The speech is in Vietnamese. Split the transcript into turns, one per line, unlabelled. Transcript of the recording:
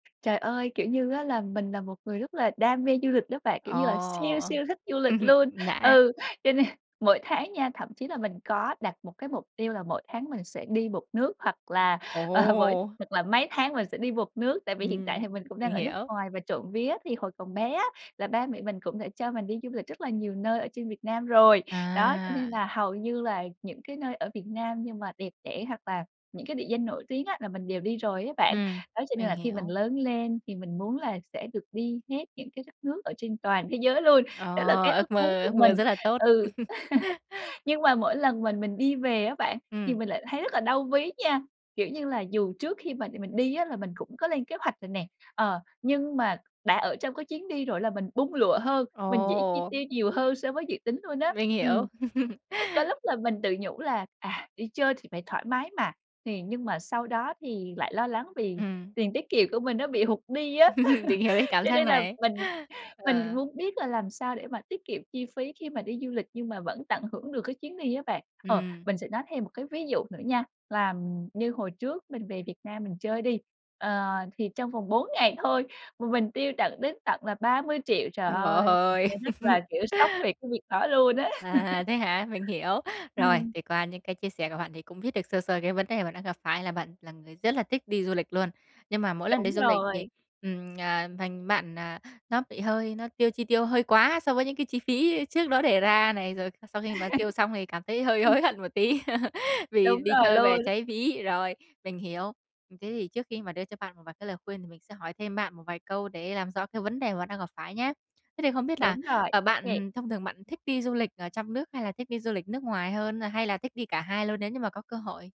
Trời ơi, kiểu như á là mình là một người rất là đam mê du lịch đó bạn, kiểu
Ồ,
như là siêu
ờ.
siêu thích du lịch luôn.
Nã
Ừ, cho nên mỗi tháng nha thậm chí là mình có đặt một cái mục tiêu là mỗi tháng mình sẽ đi một nước, hoặc là, ờ, mỗi
Ồ!
hoặc là mấy tháng mình sẽ đi một nước. Tại vì hiện tại
Ừm,
thì mình cũng đang
mình
ở nước
hiểu.
ngoài, và trộm vía thì hồi còn bé á là ba mẹ mình cũng đã cho mình đi du lịch rất là nhiều nơi ở trên Việt Nam rồi. Đó, cho nên
À!
là hầu như là những cái nơi ở Việt Nam nhưng mà đẹp đẽ, hoặc là những cái địa danh nổi tiếng á là mình đều đi rồi á bạn.
Ừm,
Đó, cho nên
mình
là khi mình
hiểu.
lớn lên thì mình muốn là sẽ được đi hết những cái đất nước ở trên toàn thế giới luôn.
Ờ,
Đó là cái ước
ước
muốn
mơ
của
ước mơ
mình.
rất là tốt.
Ừ. Nhưng mà mỗi lần mình mình đi về á bạn, thì
Ừm.
mình lại thấy rất là đau ví nha. Kiểu như là dù trước khi mà mình đi á là mình cũng có lên kế hoạch rồi nè, ờ, nhưng mà đã ở trong cái chuyến đi rồi là mình bung lụa hơn, mình dễ chi
Ồ!
tiêu nhiều hơn so với dự tính luôn á.
Mình hiểu.
Ừm. Ừ, có lúc là mình tự nhủ là "À, đi chơi thì phải thoải mái mà!", thì nhưng mà sau đó thì lại lo lắng vì
Ừm.
tiền tiết kiệm của mình nó bị hụt đi á.
Mình hiểu cái cảm
Cho
giác
nên là
này.
mình mình
Ờ.
muốn biết là làm sao để mà tiết kiệm chi phí khi mà đi du lịch nhưng mà vẫn tận hưởng được cái chuyến đi á bạn. Ờ,
Ừm.
mình sẽ nói thêm một cái ví dụ nữa nha, là như hồi trước mình về Việt Nam mình chơi đi, ờ, thì trong vòng 4 ngày thôi mà mình tiêu tận đến tận là 30.000.000. Trời
Trời
ơi! Mình
ơi!
thấy rất là, kiểu, sốc về cái việc đó luôn á.
À, thế hả? Mình hiểu. Rồi,
Ừm.
thì qua những cái chia sẻ của bạn thì cũng biết được sơ sơ cái vấn đề bạn đang gặp phải, là bạn là người rất là thích đi du lịch luôn, nhưng mà mỗi lần đi
Đúng
du lịch thì
rồi.
ừm, à, thành bạn à, nó bị hơi nó tiêu chi tiêu hơi quá so với những cái chi phí trước đó đề ra này, rồi sau khi mà tiêu xong thì cảm thấy hơi
Ừm.
hối hận một tí, vì
Đúng
đi
rồi
chơi về
luôn!
cháy ví. Rồi, mình hiểu. Thế thì trước khi mà đưa cho bạn một vài cái lời khuyên thì mình sẽ hỏi thêm bạn một vài câu để làm rõ cái vấn đề mà bạn đang gặp phải nhé! Thế thì không biết là,
Đúng rồi,
à,
ô kê.
bạn thông thường bạn thích đi du lịch ở trong nước hay là thích đi du lịch nước ngoài hơn? Hay là thích đi cả hai luôn nếu như mà có cơ hội?